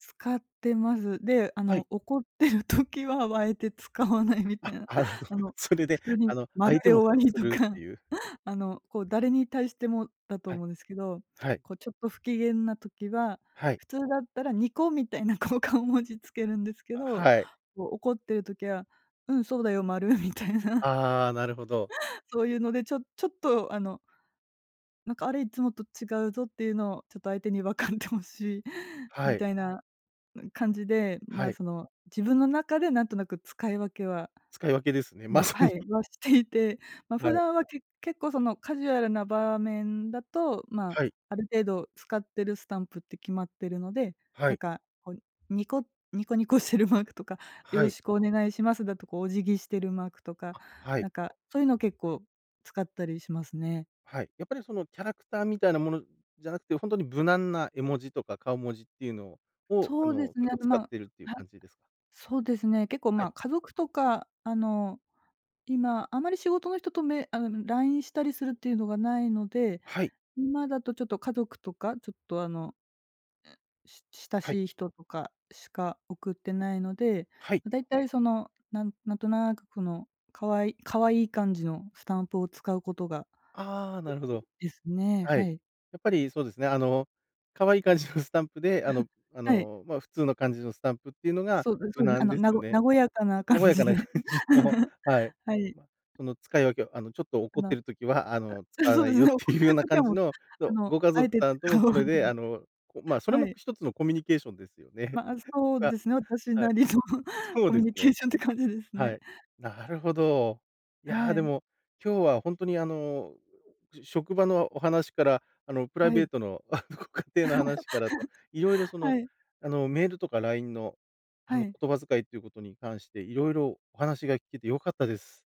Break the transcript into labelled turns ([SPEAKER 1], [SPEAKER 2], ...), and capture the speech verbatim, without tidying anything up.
[SPEAKER 1] 使ってます。で、あ
[SPEAKER 2] はい。
[SPEAKER 1] の、怒っている時は、あえて使わないみた
[SPEAKER 2] あ、
[SPEAKER 1] いな。
[SPEAKER 2] あの、
[SPEAKER 1] あの、
[SPEAKER 2] それ
[SPEAKER 1] 普
[SPEAKER 2] で、
[SPEAKER 1] 通
[SPEAKER 2] あ
[SPEAKER 1] に
[SPEAKER 2] の、
[SPEAKER 1] 丸
[SPEAKER 2] 相手
[SPEAKER 1] で
[SPEAKER 2] も
[SPEAKER 1] 終わ
[SPEAKER 2] 察
[SPEAKER 1] り
[SPEAKER 2] す
[SPEAKER 1] と
[SPEAKER 2] るっ
[SPEAKER 1] か。
[SPEAKER 2] ていう
[SPEAKER 1] あの、こう誰に対してもだと
[SPEAKER 2] はい。
[SPEAKER 1] 思うんですけど、
[SPEAKER 2] はい。
[SPEAKER 1] こうちょっと不機嫌な時は、
[SPEAKER 2] はい。
[SPEAKER 1] 普通だったらニコみたいなこう、顔文字つけるんですけ
[SPEAKER 2] あ、
[SPEAKER 1] ど。
[SPEAKER 2] はい。
[SPEAKER 1] こう怒っている時は、うんそうだよ、丸みたいな。
[SPEAKER 2] ああ、なるほど。
[SPEAKER 1] そういうので、ちょちょっと、あのなんかあれ、いつもと違うぞっていうのを、ちょっと相手に分かって欲しい
[SPEAKER 2] は
[SPEAKER 1] み
[SPEAKER 2] い。
[SPEAKER 1] たいな感じで、
[SPEAKER 2] は
[SPEAKER 1] ま、
[SPEAKER 2] い。
[SPEAKER 1] その、自分の中でなんとなく使い分けは
[SPEAKER 2] 使い分けですね、
[SPEAKER 1] あ
[SPEAKER 2] ま
[SPEAKER 1] の、
[SPEAKER 2] さ
[SPEAKER 1] は
[SPEAKER 2] に。
[SPEAKER 1] い、はしていて。ま、
[SPEAKER 2] は
[SPEAKER 1] 普
[SPEAKER 2] い。
[SPEAKER 1] 段は結結構そのカジュアルな場面だと、ま、
[SPEAKER 2] はい。
[SPEAKER 1] ある程度使ってるスタンプって決まってるので、
[SPEAKER 2] は
[SPEAKER 1] なん
[SPEAKER 2] い。
[SPEAKER 1] かこう、ニコニコニコしてるマークとか、よ
[SPEAKER 2] は
[SPEAKER 1] ろ
[SPEAKER 2] い。
[SPEAKER 1] しくお願いしますだとかお辞儀してるマークとか、
[SPEAKER 2] あ、は
[SPEAKER 1] な
[SPEAKER 2] い。
[SPEAKER 1] んかそういうの結構使ったりしますね。
[SPEAKER 2] はい。やっぱりそのキャラクターみたいなものじゃなくて、ほんとに無難な絵文字とか顔文字っていうのをを、あ
[SPEAKER 1] そうで
[SPEAKER 2] の、
[SPEAKER 1] すね、
[SPEAKER 2] 結
[SPEAKER 1] あ
[SPEAKER 2] 構
[SPEAKER 1] の、ま、
[SPEAKER 2] 使っ
[SPEAKER 1] は
[SPEAKER 2] ているっていう
[SPEAKER 1] い。
[SPEAKER 2] 感じですか？
[SPEAKER 1] そうですね、結構、
[SPEAKER 2] はい。
[SPEAKER 1] ま、家族とか、あの、今あまり仕事の人とメあの、LINE したりするっていうのがないので。
[SPEAKER 2] はい。
[SPEAKER 1] 今だとちょっと家族とか、ちょっとあの、し親
[SPEAKER 2] はい。
[SPEAKER 1] しい人とかしか送ってないので、
[SPEAKER 2] はい。
[SPEAKER 1] だいたいその、なんなんとなく、この可愛可愛い感じのスタンプを使うことが
[SPEAKER 2] ああ、
[SPEAKER 1] 多
[SPEAKER 2] なるほ
[SPEAKER 1] い
[SPEAKER 2] ど。
[SPEAKER 1] ですね、
[SPEAKER 2] はい。
[SPEAKER 1] はい。
[SPEAKER 2] やっぱり、そうですね、あの、可愛い感じのスタンプで、あのあ
[SPEAKER 1] はい。
[SPEAKER 2] の、ま、普通の感じのスタンプっていうのが
[SPEAKER 1] そうで
[SPEAKER 2] 無
[SPEAKER 1] そうね、あ
[SPEAKER 2] 難
[SPEAKER 1] の、
[SPEAKER 2] です
[SPEAKER 1] な
[SPEAKER 2] よ
[SPEAKER 1] ご
[SPEAKER 2] ね。
[SPEAKER 1] 和やかな感
[SPEAKER 2] 和や
[SPEAKER 1] じ
[SPEAKER 2] かな
[SPEAKER 1] で。
[SPEAKER 2] 感じの、はい。
[SPEAKER 1] はい。
[SPEAKER 2] その使い分けを、あの、ちょっと
[SPEAKER 1] あ
[SPEAKER 2] 怒っ
[SPEAKER 1] の、
[SPEAKER 2] てる時は、あの、使わ
[SPEAKER 1] そう
[SPEAKER 2] な
[SPEAKER 1] で
[SPEAKER 2] い
[SPEAKER 1] す
[SPEAKER 2] よっ
[SPEAKER 1] ね。怒
[SPEAKER 2] て
[SPEAKER 1] っ
[SPEAKER 2] いうよ
[SPEAKER 1] て
[SPEAKER 2] う
[SPEAKER 1] る
[SPEAKER 2] な
[SPEAKER 1] 時
[SPEAKER 2] 感
[SPEAKER 1] は
[SPEAKER 2] じ
[SPEAKER 1] もう、
[SPEAKER 2] の、
[SPEAKER 1] あ
[SPEAKER 2] そう、
[SPEAKER 1] の、
[SPEAKER 2] ご家
[SPEAKER 1] あえ
[SPEAKER 2] 族
[SPEAKER 1] て
[SPEAKER 2] さんと
[SPEAKER 1] 使
[SPEAKER 2] も
[SPEAKER 1] わ
[SPEAKER 2] それ
[SPEAKER 1] ない。
[SPEAKER 2] で、あの、こう、ま、それ
[SPEAKER 1] は
[SPEAKER 2] も
[SPEAKER 1] い。
[SPEAKER 2] ひとつのコミュニケーションですよね。
[SPEAKER 1] まあ、そう
[SPEAKER 2] うわ、
[SPEAKER 1] ですね、私
[SPEAKER 2] は
[SPEAKER 1] な
[SPEAKER 2] い。
[SPEAKER 1] りの
[SPEAKER 2] そう
[SPEAKER 1] コミ
[SPEAKER 2] で
[SPEAKER 1] ュ
[SPEAKER 2] す
[SPEAKER 1] ニケ
[SPEAKER 2] ね。
[SPEAKER 1] ーションって感じです
[SPEAKER 2] は
[SPEAKER 1] ね。
[SPEAKER 2] い、なるほど。い
[SPEAKER 1] は
[SPEAKER 2] やで
[SPEAKER 1] い。
[SPEAKER 2] も、今日はほんとにあの、職場のお話から、あの、プライ
[SPEAKER 1] は
[SPEAKER 2] ベ
[SPEAKER 1] い。
[SPEAKER 2] ートのご家庭の 話からと、色々、その、
[SPEAKER 1] はい。
[SPEAKER 2] あの、メールとか LINE の、あ
[SPEAKER 1] は
[SPEAKER 2] の、
[SPEAKER 1] い。
[SPEAKER 2] 言葉遣いということに関して色々お話が聞けて良かったです。